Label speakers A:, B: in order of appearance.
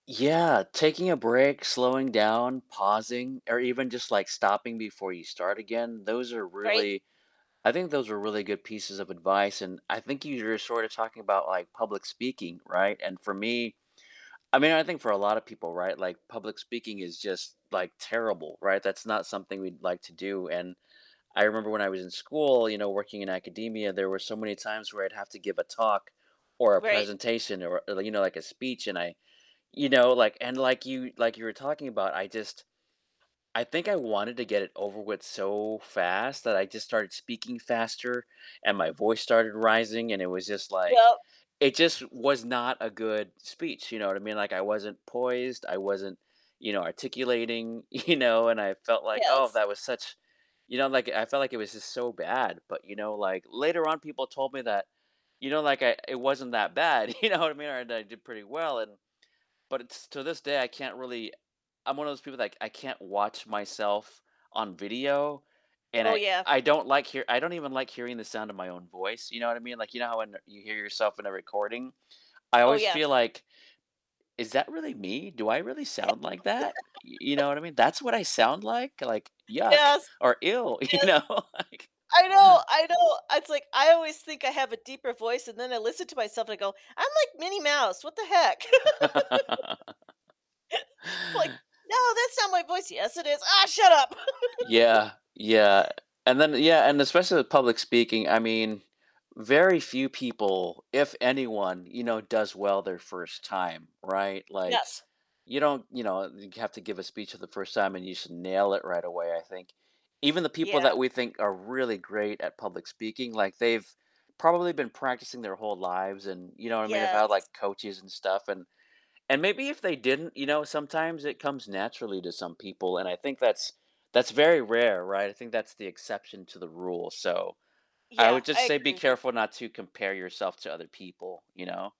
A: Yeah. Taking a break, slowing down, pausing, or even just like stopping before you start again, those are
B: Right.
A: really I think those are really good pieces of advice, and I think you're sort of talking about, like, public speaking right? And for me I mean, I think for a lot of people right like public speaking is just like terrible right? That's not something we'd like to do and I remember when I was in school you know, working in academia, there were so many times where I'd have to give a talk, or a
B: Right.
A: presentation or you know like a speech, and you know like and like you like you were talking about, I just I think I wanted to get it over with so fast that I just started speaking faster, and my voice started rising, and it was just like,
B: Yep.
A: it just was not a good speech. You know what I mean? Like, I wasn't poised, I wasn't you know, articulating, you know? And I felt like oh,
B: Yes.
A: that was such You know, like I felt like it was just so bad. But you know like later on, people told me that, you know, like I it wasn't that bad you know what I mean? Right, that I did pretty well and but to this day, I can't really I'm one of those people that, like, I can't watch myself on video, and
B: Oh,
A: I
B: yeah.
A: I don't like hear I don't even like hearing the sound of my own voice, you know what I mean? Like, you know how when you hear yourself in a recording? I
B: Oh,
A: always
B: yeah.
A: feel like, "Is that really me? Do I really sound like that?" Y you know what I mean? "That's what I sound like? Like, yuck,"
B: Yes.
A: or, "Ew," you
B: Yes.
A: know, like
B: I know, I know. It's like I always think I have a deeper voice, and then I listen to myself and I go, "I'm like Minnie Mouse. What the heck?" I'm like, no, that's not my voice, yes, it is, ah, shut up.
A: Yeah, yeah, and then yeah,
B: [unintelligible]
A: and especially with public speaking, I mean, very few people if anyone you know, does well their first time, right? Like
B: Yes.
A: you don't, you know, have to give a speech for the first time and you should nail it right away, I think even the
B: Yeah.
A: people that we think are really great at public speaking, like they've probably been practicing their whole lives and, you know what I mean? Have had,
B: Yes.
A: like, coaches and stuff, and and maybe if they didn't, you know, sometimes it comes naturally to some people, and I think that's that's very rare, right? I think that's the exception to the rule. So I
B: Yeah,
A: would just
B: I
A: say be
B: agree with you
A: careful not to compare yourself to other people, you know?